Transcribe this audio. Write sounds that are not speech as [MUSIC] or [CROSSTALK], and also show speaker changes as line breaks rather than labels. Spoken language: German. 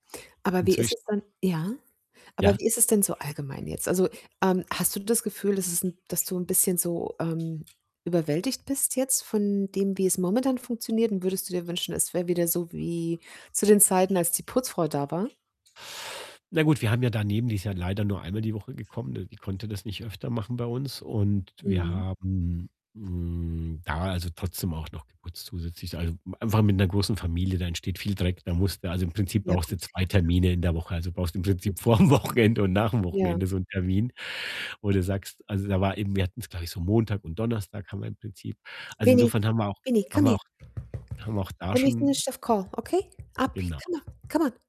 Aber wie ist
Inzwischen
es dann ja? Aber
Ja?
wie ist es denn so allgemein jetzt? Also, ähm, hast du das Gefühl, dass es 'n dass du 'n bisschen so, ähm, überwältigt bist jetzt von dem, wie es momentan funktioniert? Und würdest du dir wünschen, es wäre wieder so wie zu den Zeiten, als die Putzfrau da war?
Na gut, wir haben ja daneben die ist ja leider nur einmal die Woche gekommen, ne, die konnte das nicht öfter machen bei uns und wir
Mhm.
haben, hm, da, also, trotzdem auch noch geputzt zusätzlich. Also, einfach mit 'ner großen Familie, da entsteht viel Dreck, da musst du also, im Prinzip
Ja
brauchst
gut,
du 2
ja klar.
Termine in der Woche, also brauchst im
[UNINTELLIGIBLE]
Prinzip vorm Wochenende und nach dem
Ja.
Wochenende so 'n Termin, wo du sagst also, da war eben, wir hatten's, glaube ich, so Montag und Donnerstag haben wir im Prinzip. Also
Benny,
insofern haben wir auch
Benny,
haben
komm
wir
her.
auch wir haben auch da
Let me
schon
finish that call, okay, [UNINTELLIGIBLE] Come
Genau.
on, come on.